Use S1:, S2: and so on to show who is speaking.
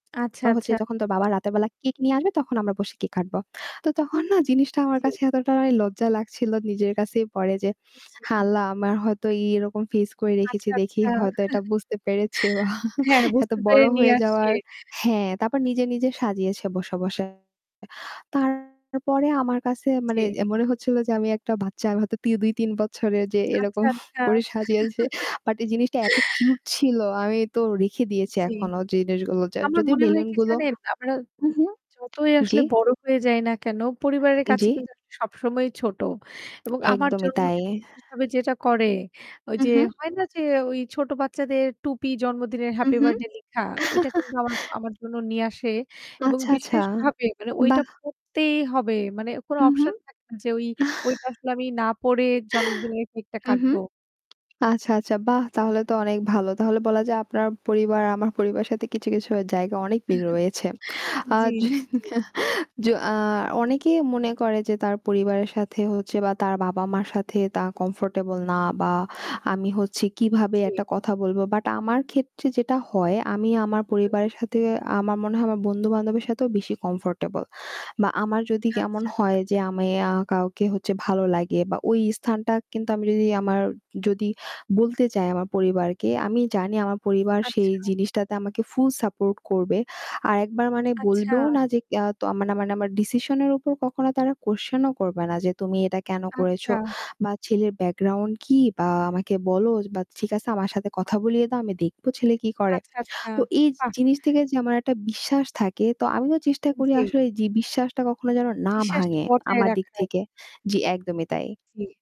S1: আচ্ছা,
S2: রা হচ্ছে
S1: আচ্ছা।
S2: যখন তোর বাবা রাতের বেলা কেক নিয়ে আসবে তখন আমরা বসে কেক কাটবো। তো তখন না জিনিসটা আমার
S1: জি।
S2: কাছে এতটাই লজ্জা লাগছিল নিজের কাছেই পরে যে,
S1: উম হু,
S2: আ
S1: হুম।
S2: আল্লাহ আমার হয়তো এই এরকম face করে রেখেছি
S1: আচ্ছা,
S2: দেখি
S1: আচ্ছা।
S2: হয়তো এটা বুঝতে পেরেছে বা
S1: হ্যাঁ,
S2: এত
S1: বুঝতে
S2: বড়
S1: পেরে নিয়ে
S2: হয়ে
S1: আসে।
S2: যাওয়ার হ্যাঁ তারপর নিজে, নিজে সাজিয়েছে বসা বসায়। তারপরে আমার কাছে মানে
S1: জি।
S2: এ মনে হচ্ছিল যে আমি একটা বাচ্চা। আমি হয়তো তি ২, ৩ বছরের যে এরকম
S1: আচ্ছা, আচ্ছা।
S2: করে সাজিয়েছে। বাট এই জিনিসটা এত কিউট ছিল আমি তো রেখে দিয়েছি
S1: জি।
S2: এখনো জিনিসগুলো। যা
S1: আমার
S2: যদিও
S1: মনে হয় কি
S2: বেলুনগুলো
S1: জানেন, আমরা
S2: হুম, হুম।
S1: যতই
S2: জি?
S1: আসলে বড় হয়ে যাই না কেন, পরিবারের কাছে
S2: জি।
S1: কিন্তু আসলে সবসময়ই ছোট। এবং আমার
S2: একদমই তাই।
S1: জন্মদিনে বিশেষভাবে যেটা করে,
S2: হুম,
S1: ঐযে
S2: হুম।
S1: হয় না যে ঐ ছোট বাচ্চাদের টুপি জন্মদিনের
S2: হুম,
S1: Happy
S2: হুম।
S1: Birthday লেখা, ঐটা কিন্তু আমার আমার জন্য নিয়ে আসে এবং
S2: আচ্ছা, আচ্ছা।
S1: বিশেষভাবে মানে ঐটা
S2: বাহ!
S1: পরতেই হবে। মানে কোন
S2: হুম,
S1: option
S2: হুম।
S1: থাকে না যে ঐ ঐটা আসলে আমি না পরে জন্মদিনের কেকটা
S2: হুম, হুম।
S1: কাটবো।
S2: আচ্ছা, আচ্ছা। বাহ! তাহলে তো অনেক ভালো। তাহলে বলা যায় আপনার পরিবার আমার পরিবারের সাথে কিছু, কিছু আ জায়গায় অনেক মিল রয়েছে। আ
S1: জি,
S2: য
S1: জি, জি।
S2: য আ অনেকেই মনে করে যে তার পরিবারের সাথে হচ্ছে বা, তার বাবা-মার সাথে তারা comfortable না বা আমি হচ্ছে
S1: আ
S2: কিভাবে
S1: জি।
S2: একটা কথা বলবো। বাট আমার ক্ষেত্রে যেটা হয় আমি আমার
S1: হু, হু।
S2: পরিবারের সাথে আমার মনে হয় আমার বন্ধু বান্ধবের সাথেও বেশি comfortable. বা আমার যদি কেমন
S1: আচ্ছা।
S2: হয় যে আমি আ কাউকে হচ্ছে ভালো লাগে বা ওই স্থানটা কিন্তু আমি যদি আমার যদি বলতে চাই আমার পরিবারকে, আমি জানি আমার পরিবার সেই
S1: আচ্ছা।
S2: জিনিসটাতে আমাকে full support করবে। আরেকবার মানে
S1: আচ্ছা।
S2: বলবেও না যে তো ইয়া মানে মানে আমার decision এর উপর কখনো তারা question ও করবে না যে "তুমি এটা কেন করেছ
S1: আচ্ছা।
S2: বা ছেলের background কি? বা আমাকে বলো বা ঠিক আছে আমার সাথে কথা বলিয়ে দাও আমি দেখব ছেলে কি করে।"
S1: আচ্ছা, আচ্ছা।
S2: তো এই জি
S1: বাহ!
S2: জিনিস থেকে যে আমার একটা বিশ্বাস থাকে তো আমিও চেষ্টা
S1: এন
S2: করি
S1: জি।
S2: আসলে যে বিশ্বাসটা কখনো যেন না
S1: বিশ্বাসটা
S2: ভাঙে
S1: বজায়
S2: আমার দিক
S1: রাখার।
S2: থেকে। জি, একদমই তাই।
S1: জি।